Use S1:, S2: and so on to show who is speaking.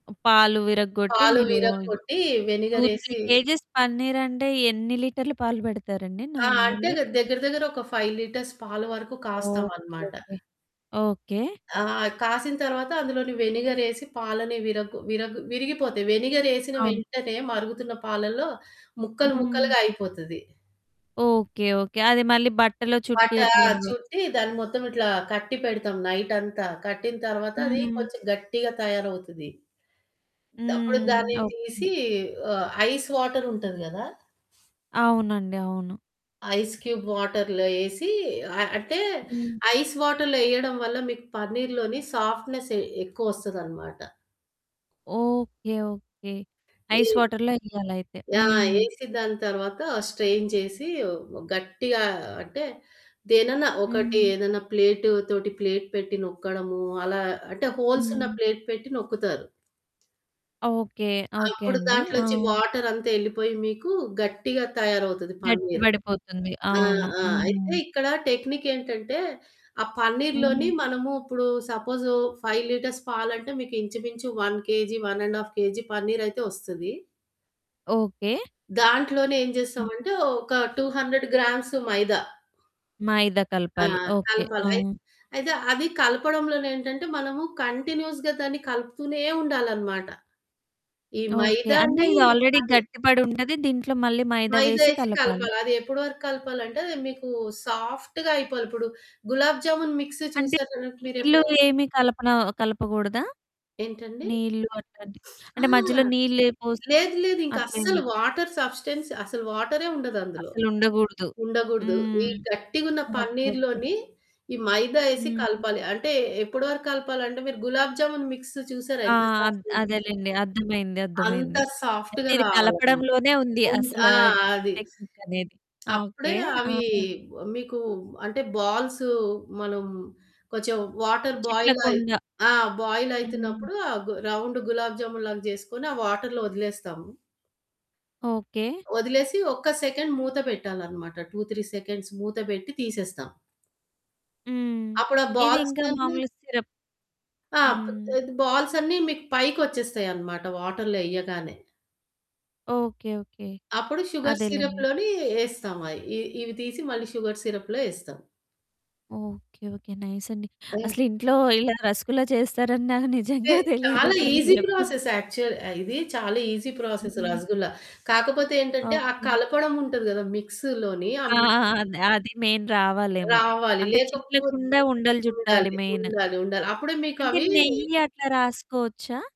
S1: పాలు విరగ్గొట్టి
S2: పాలు
S1: మీరు
S2: విరగ కొట్టి
S1: 2, 3
S2: వెనిగరేసి
S1: కేజీస్ పన్నీరంటే ఎన్ని లీటర్ల పాలు పెడతారండి
S2: ఆ! అంటే
S1: నార్మల్‌గా?
S2: దగ్గర దగ్గర ఒక 5 లిటర్స్ పాల వరకు
S1: ఓకే.
S2: కాస్తామన్నమాట.
S1: ఓకే. ఓకే.
S2: ఆ! కాసిన తర్వాత అందులోని వెనిగర్ ఏసి పాలని విర విర విరిగిపోతాయి. వెనిగర్ ఏసిన
S1: అవును.
S2: వెంటనే మరుగుతున్న పాలల్లో ముక్కలు
S1: హ్మ్.
S2: ముక్కలుగా అయిపోతది.
S1: Okay, okay. అది మళ్ళీ బట్టలొ
S2: బట్ట
S1: చుట్టట్లేదు.
S2: చుట్టి దాన్ని మొత్తం ఇట్లా కట్టి పెడతాం నైటంతా. కట్టిన తర్వాత అది
S1: హ్మ్.
S2: కొంచెం గట్టిగా తయారవుతది. అప్పుడు దాన్ని
S1: హ్మ్. ఓకే.
S2: తీసి ఆహ్, ఐస్ వాటర్ ఉంటది గదా!
S1: అవునండి, అవును.
S2: ఐస్ క్యూబ్ వాటర్‌లో వేసి ఆహ్, అంటే
S1: హ్మ్.
S2: ఐస్ వాటర్‌లో వేయడం వల్ల మీకు పన్నీర్లోని సాఫ్ట్‌నెస్ ఎక్కువ వస్తదనమాట.
S1: Okay, okay.
S2: ఈ
S1: ఐస్ వాటర్‌లో ఎయ్యాలయితే.
S2: ఆ!
S1: హ్మ్.
S2: వేసి దాని తరువాత స్ట్రైన్ చేసి గట్టిగా అంటే దేనైనా ఒకటి
S1: హ్మ్.
S2: ఏదన్నా ప్లేట్‌తో ప్లేట్ పెట్టి నొక్కడము అలా అంటే హోల్స్ ఉన్న
S1: హ్మ్.
S2: ప్లేట్ పెట్టి నొక్కుతారు.
S1: ఓకే. ఓకే.
S2: అప్పుడు
S1: అండి. ఆ!
S2: దాంట్లోంచి వాటరంతా వెళ్ళిపోయి మీకు గట్టిగా తయారవుతది
S1: గట్టి
S2: పన్నీర్.
S1: పడిపోతుంది.
S2: ఆ
S1: అవును.
S2: ఆ అయితే
S1: హ్మ్.
S2: ఇక్కడ టెక్నిక్ ఏంటంటే ఆ పన్నీర్ లోని
S1: హ్మ్.
S2: మనము ఇప్పుడు సపోజ్ 5 లిటర్స్ పాలంటే మీకు ఇంచుమించు 1 కేజీ, 1 1/2 కేజీ పన్నీరయితే వస్తది.
S1: ఓకే.
S2: దాంట్లోనే ఏం
S1: హ్మ్.
S2: జేస్తామంటే ఒక 200 గ్రామ్స్ మైదా
S1: మైదా
S2: ఆ!
S1: కలపాలి. ఓకే. ఆ!
S2: కలపాలి. అయితే అది కలపడంలోనే ఏంటంటే మనము కంటిన్యూయస్‌గా దాన్ని కలుపుతూనే ఉండాలన్నమాట. ఈ
S1: ఓకే. అంటే
S2: మైదాని
S1: ఇది ఆల్రెడీ గట్టిపడి ఉంటది. దీంట్లో మళ్ళీ మైదా
S2: మైదా
S1: వేసి
S2: వేసి
S1: కలపాలి.
S2: కలపాలి. అది ఎప్పటి వరకు కలపాలి అంటే మీకు సాఫ్ట్‌గా అయిపోవాలి. ఇప్పుడు గులాబ్ జామున్ మిక్స్
S1: అంటే
S2: చూసారా
S1: నీళ్ళు
S2: మీరెప్పుడైనా?
S1: ఏమి కలపన కలపకూడదా?
S2: ఏంటండి?
S1: నీళ్ళు అట్లాంటివి
S2: ఆ!
S1: అంటే మధ్యలో నీళ్ళు పోసి
S2: లేదు లేదు. ఇంకా
S1: అట్లేం
S2: అసలు
S1: లేదు.
S2: వాటర్ సబ్స్టెన్స్ అసలు వాటర్ ఏ ఉండదు. అందులో
S1: అసలుండకూడదు.
S2: ఉండకూడదు. ఈ
S1: హ్మ్.
S2: గట్టిగా ఉన్న
S1: ఓకే. ఓకే.
S2: పన్నీరులోని ఈ మైదా వేసి
S1: హ్మ్.
S2: కలపాలి. అంటే ఎప్పటి వరకు కలపాలి అంటే మీరు గులాబ్ జామున్ మిక్స్ చూసారా?
S1: ఆ!
S2: ఎంత సాఫ్ట్‌గా ఉంటుంది.
S1: అదేలెండి అర్థమైంది,
S2: అంత
S1: అర్థమైంది.
S2: సాఫ్ట్‌గా
S1: ఇది
S2: రావాలన్నమాట
S1: కలపడంలోనే ఉంది
S2: ఆ!
S1: అసలు
S2: అది.
S1: టెక్నిక్ అనేది.
S2: అప్పుడే
S1: ఓకే. ఆ!
S2: అవి మీకు అంటే బాల్స్ మనం కొంచెం వాటర్ బాయిల్ అయి
S1: చిట్లకుండ
S2: ఆ బాయిల్
S1: హ్మ్.
S2: అవుతున్నప్పుడు ఆ రౌండ్ గులాబ్ జామున్ లాగా చేసుకొని ఆ వాటర్ లో వదిలేస్తాము.
S1: ఓకే.
S2: వదిలేసి ఒక్క సెకండ్ మూత పెట్టాలన్నమాట. 2, 3 సెకండ్స్ మూత పెట్టి తీసేస్తాం.
S1: హ్మ్.
S2: అప్పుడా
S1: ఇది ఇంకా
S2: బాల్సన్ని
S1: మామూలుగా సిరప్
S2: ఆ!
S1: హ్మ్.
S2: బాల్సన్ని మీకు పైకి వచ్చేస్తాయన్నమాట వాటర్‌లో వెయ్యగానే.
S1: Okay, okay.
S2: అప్పుడు షుగర్ సిరప్
S1: అదేలెండి.
S2: లోని వేస్తాం. అవి ఇవి తీసి మళ్ళీ షుగర్ సిరప్ లో వేస్తాం.
S1: Okay, okay. నైస్ అండి.
S2: హ్మ్.
S1: అసలు ఇంట్లో ఇలా రసగుల్లా చేస్తారని నాకు
S2: అంటే
S1: నిజంగా తెలీదు
S2: చాలా
S1: ఇప్పుడు మీరు
S2: ఈసీ
S1: చెప్పింది.
S2: ప్రాసెస్ యాక్చువల్‌ ఇది చాలా ఈసీ ప్రాసెస్.
S1: హ్మ్.
S2: రసగుల్లా కాకపోతే ఏంటంటే ఆ
S1: ఓకే.
S2: కలపడం ఉంటది గదా! మిక్స్ లోని
S1: ఆ!
S2: అమ్
S1: అది మెయిన్ రావాలేమో
S2: రావాలి.
S1: అంటే
S2: లేకపోతే
S1: చిట్లకుండా ఉండలు చుట్టాలి
S2: ఉండాలి.
S1: మెయిన్.
S2: ఉండాలి, ఉండాలి. అప్పుడే
S1: అంటే
S2: మీకవి
S1: నెయ్యట్లా రాసుకోవచ్చా?